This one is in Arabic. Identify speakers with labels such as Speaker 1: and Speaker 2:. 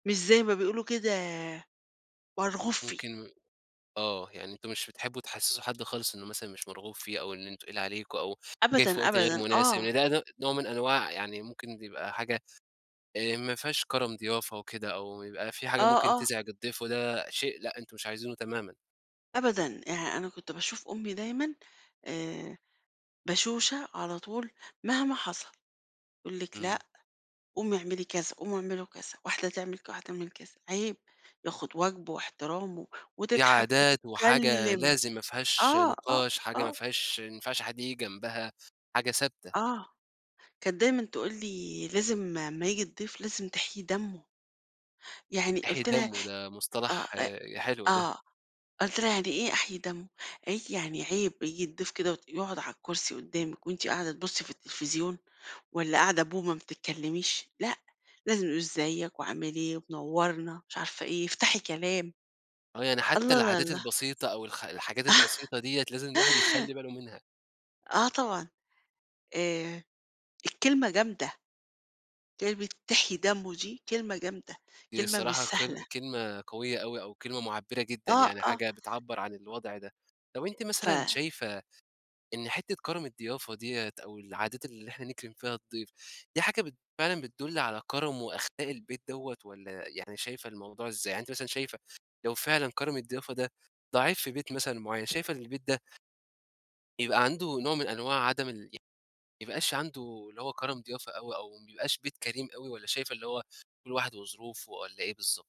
Speaker 1: مش زي ما بيقولوا كده مرغوب فيه.
Speaker 2: ممكن آه، يعني أنتم مش بتحِبُوا تحِسسُّوا حد خالص إنه مثلًا مش مرغُوب فيه، أو إنه تقِيل عليكُم، أو جاي في
Speaker 1: أبدًا
Speaker 2: وقت غير
Speaker 1: أبدًا،
Speaker 2: مناسب.
Speaker 1: آه.
Speaker 2: ده ده نوع من أنواع يعني ممكن يبقى حاجة آآ، ما فيهاش كرَم ضيافة وكده، أو يبقى في حاجة
Speaker 1: آه
Speaker 2: ممكن
Speaker 1: آه.
Speaker 2: تُزعِج الضيف، وده شيء لأ أنتُم مش عايزِينه تمامًا.
Speaker 1: أبدًا، يعني أنا كنت باشوف أمي دايمًا آآ، بشوشة على طول مهما حصَل، تقول لِك: "لأ
Speaker 2: إمم.
Speaker 1: قومي اعملي كذا، قومي اعملوا كذا، واحدة تعمَل ك واحدة تعمَل كذا. عيب، ياخُد واجبه واحترامه."
Speaker 2: دي
Speaker 1: وتضحَك
Speaker 2: عادات وحاجة
Speaker 1: وتتكلَّم.
Speaker 2: لازم، ما فيهاش
Speaker 1: آه، آه،
Speaker 2: نقاش حاجة ما
Speaker 1: آه.
Speaker 2: فيهاش ما ينفعش حد ييجي جنبها، حاجة ثابتة.
Speaker 1: آه، كانت دايمًا تقول لي: "لازم أما ييجي الضيف لازم تحييِ دمه." يعني
Speaker 2: إحييِ
Speaker 1: قُلت لها
Speaker 2: دمه، ده
Speaker 1: آه
Speaker 2: مصطلح
Speaker 1: أ
Speaker 2: حلو ده.
Speaker 1: آه قلت لها "يعني إيه أحييِ دمه؟" قالت لي: "يعني عيب ييجي الضيف كده وت يقعُد على الكرسي قدامِك، وأنتِ قاعدة تبُصِّي في التليفزيون، والّا قاعدة بومة ما بتتكلَّميش، لأ، لازم نقول إزيِّك، وعامِل إيه، ومنوِّرنا مش عارفة إيه، افتحي كلام."
Speaker 2: آه، يعني حتى العادات
Speaker 1: [unintelligible]
Speaker 2: البسيطة، أو الخ الحاجات البسيطة ديّة لازم الواحد يخلِّي باله منها.
Speaker 1: آه طبعًا، آآ، الكلمة جامدة. كلمة تحييِ دمه دي كلمة جامدة،
Speaker 2: دي
Speaker 1: كلمة مش
Speaker 2: الصراحة
Speaker 1: سهلة.
Speaker 2: كل كلمة قوية أوي، أو كلمة معبِّرة جدًا،
Speaker 1: آه
Speaker 2: يعني
Speaker 1: آه.
Speaker 2: حاجة بتعبَّر عن الوضع ده. طَب، أنتِ مثلًا
Speaker 1: ف
Speaker 2: شايفة إن حتّة كرَم الضيافة ديّة، أو العادات اللي إحنا نكرم فيها الضيف، دي حاجة بت فعلًا بتدُل على كرَم وأخلاق البيت دوّة، والّا يعني شايفة الموضوع إزاي؟ يعني أنتِ مثلًا شايفة لو فعلًا كرَم الضيافة ده ضعيف في بيت مثلًا معيَّن، شايفة إن البيت ده يبقى عنده نوع من أنواع عدم ال يبقاش عنده اللي هو كرَم ضيافة أوي، أو ما يبقاش بيت كريم أوي، والّا شايفة اللي هو كل واحد وظروفه، والّا إيه بالضبط؟